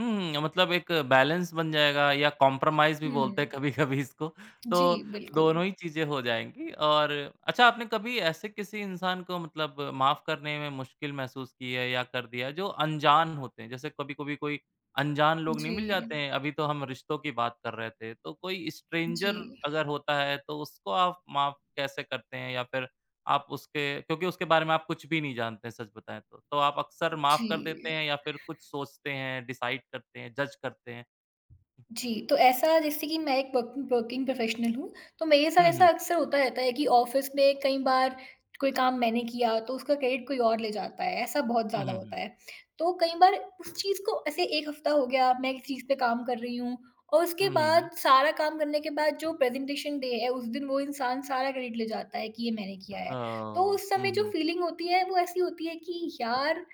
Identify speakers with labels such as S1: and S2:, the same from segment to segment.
S1: हुँ, मतलब एक बैलेंस बन जाएगा या कंप्रोमाइज़ भी बोलते हैं
S2: हुँ।
S1: कभी-कभी इसको,
S2: जी,
S1: तो
S2: बिल्कुल।
S1: दोनों ही चीज़ें हो जाएँगी। और अच्छा, आपने कभी ऐसे किसी इंसान को मतलब माफ करने में मुश्किल महसूस की है या कर दिया है जो अनजान होते हैं? जैसे कभी-कभी कोई अनजान लोग नहीं मिल
S2: जी।
S1: जाते हैं, अभी तो हम रिश्तों की बात कर रहे थे। तो कोई
S2: जी।
S1: स्ट्रेंजर अगर होता है, तो उसको आप माफ कैसे करते हैं? या फिर आप उसके क्योंकि उसके बारे में आप कुछ भी नहीं जानते हैं सच बताएँ तो। तो आप अक्सर माफ़ कर
S2: जी।
S1: देते हैं या फिर कुछ सोचते हैं, डिसाइड करते हैं, जज़ करते हैं?
S2: जी, तो ऐसा जैसे कि मैं एक पकिन वर्किंग प्रोफेशनल हूँ, तो मेरे साथ
S1: हुँ,
S2: ऐसा
S1: हुँ।
S2: अक्सर होता रहता है कि ऑफ़िस में कई बार कोई काम मैंने किया, तो उसका क्रेडिट कोई और ले जाता है, ऐसा बहुत
S1: हुँ,
S2: ज़्यादा
S1: हुँ,
S2: होता
S1: हुँ।
S2: है। तो कई बार उस चीज़ को ऐसे 1 हफ्ता हो गया, मैं इस चीज़ पे काम कर रही हूँ और उसके
S1: हुँ, हुँ,
S2: बाद
S1: हुँ।
S2: सारा काम करने के बाद जो प्रेजेंटेशन डे है उस दिन वो इंसान सारा क्रेडिट ले जाता है, कि ये मैंने किया है। तो
S1: ओह!
S2: उस समय
S1: हुँ,
S2: जो
S1: हुँ।
S2: फ़ीलिंग होती है वो ऐसी होती है कि यार,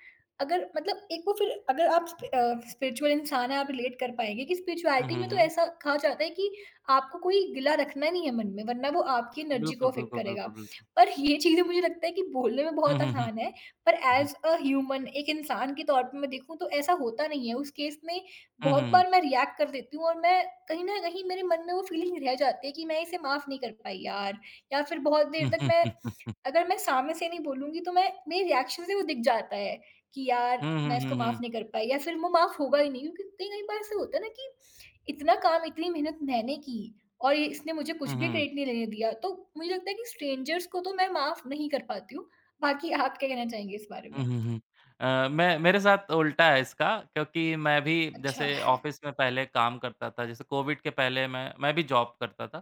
S2: अगर मतलब एक वो फिर अगर आप स्पि अ, स्पिरिचुअल इंसान हैं, आप रिलेट कर पाएँगे कि
S1: हुँ,
S2: स्पिरिचुअलिटी
S1: हुँ,
S2: में तो
S1: हुँ।
S2: ऐसा कहा जाता है, कि आपको कोई गिला रखना नहीं है मन में वरना वो आपकी एनर्जी को
S1: बिल्कुल,
S2: एफ़ेक्ट
S1: बिल्कुल,
S2: करेगा।
S1: बिल्कुल, बिल्कुल।
S2: पर ये चीज़ें मुझे लगता है कि बोलने में
S1: हुँ,
S2: बहुत
S1: हुँ, हुँ।
S2: आसान है, पर
S1: हुँ, हुँ।
S2: ऐज़ अ ह्यूमन एक इंसान के तौर पर मैं देखूँ तो ऐसा होता नहीं है, उस केस में
S1: हुँ, हुँ,
S2: बहुत
S1: हुँ।
S2: बार मैं रिएक्ट कर देती हूँ और मैं कहीं न कहीं मेरे मन में वो फ़ीलिंग रह जाती हैं, कि मैं इसे माफ नहीं कर पाई यार। या फिर बहुत देर तक मैं अगर मैं सामने से नहीं बोलूँगी तो मैं मेरी रिएक्शन से वो दिख जाता है, कि यार
S1: हुँ, हुँ,
S2: मैं
S1: हुँ,
S2: इसको माफ
S1: हुँ।
S2: नहीं कर पाई या फिर वो माफ होगा ही नहीं, क्योंकि कई-कई बार ऐसा होता है ना, कि इतना काम, इतनी मेहनत मैंने की और ये इसने मुझे
S1: हुँ,
S2: कुछ भी
S1: हुँ।
S2: क्रेडिट नहीं लेने दिया। तो मुझे लगता है कि स्ट्रेंजर्स को तो मैं माफ नहीं कर पाती हूँ, बाकी आप क्या कहना चाहेंगी इस बारे
S1: हुँ,
S2: में?
S1: हुँ, हुँ। अ, मैं मेरे साथ उल्टा है इसका, क्योंकि मैं भी
S2: अच्छा।
S1: जैसे ऑफ़िस में पहले काम करता था, जैसे कोविड के पहले मैं मैं भी जॉब करता था।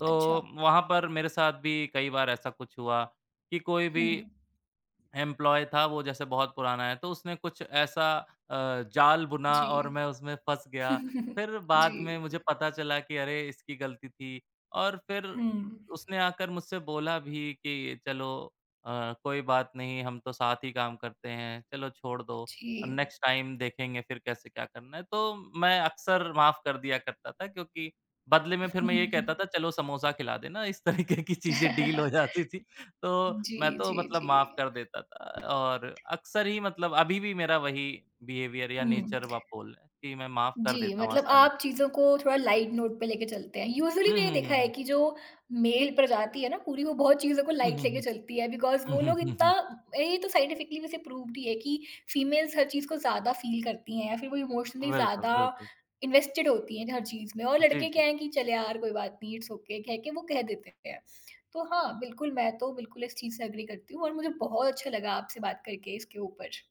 S1: तो,
S2: अच्छा।
S1: वहाँ पर मेरे साथ भी कई बार ऐसा कुछ हुआ, कि कोई भी
S2: हुँ।
S1: एम्प्लॉयी था वो जैसे बहुत पुराना है, तो उसने कुछ ऐसा अ, जाल बुना और
S2: जी।
S1: मैं उसमें फँस गया। फिर
S2: जी।
S1: बाद में मुझे पता चला कि अरे, इसकी गलती थी और फिर
S2: हुँ।
S1: उसने आकर मुझसे बोला भी कि, "चलो अ, कोई बात नहीं, हम तो साथ ही काम करते हैं, चलो छोड़ दो अ,
S2: जी।
S1: नेक्स्ट टाइम देखेंगे फिर कैसे क्या करना है?" तो, मैं अक्सर माफ कर दिया करता था क्योंकि बदले में फिर मैं ये कहता था चलो समोसा खिला देना, इस तरीके की चीज़ें डील हो जाती थी, तो
S2: जी,
S1: मैं तो
S2: जी,
S1: मतलब
S2: जी।
S1: माफ कर देता था। और अक्सर ही मतलब अभी भी मेरा वही बिहेवियर या
S2: हुँ।
S1: नेचर व आप बोल लें कि मैं माफ कर
S2: जी,
S1: देता हूँ
S2: मतलब
S1: आसानी से।
S2: आप चीज़ों को थोड़ा लाइट नोट पे लेके चलते हैं, यूज़ुअली
S1: हुँ,
S2: मैंने
S1: हुँ,
S2: देखा है
S1: हुँ।
S2: कि जो मेल प्रजाति है ना पूरी वो बहुत चीज़ों को
S1: हुँ,
S2: लाइट
S1: हुँ,
S2: लेके
S1: हुँ।
S2: चलती है बिकॉज़
S1: हुँ,
S2: वो
S1: हुँ,
S2: लोग
S1: हुँ,
S2: इत्ता
S1: हुँ।
S2: ए तो साइंटिफिकली वैसे प्रूफ़ भी है, कि फीमेल्स हर चीज़ को ज़्यादा फील करती हैं या फिर वो इमोशनली
S1: बिल्कुल,
S2: ज़्यादा
S1: बिल्कुल।
S2: इन्वेस्टेड होती हैं ज हर चीज़ में। और
S1: जी,
S2: लड़के
S1: जी।
S2: क्या हैं कि चल यार, कोई बात नहीं इट्स ओके कह के वो कह देते हैं। तो हाँ बिल्कुल मैं तो बिल्कुल इस चीज़ से एग्री करती हूँ और मुझे बहुत अच्छा लगा आपसे बात करके इसके ऊपर।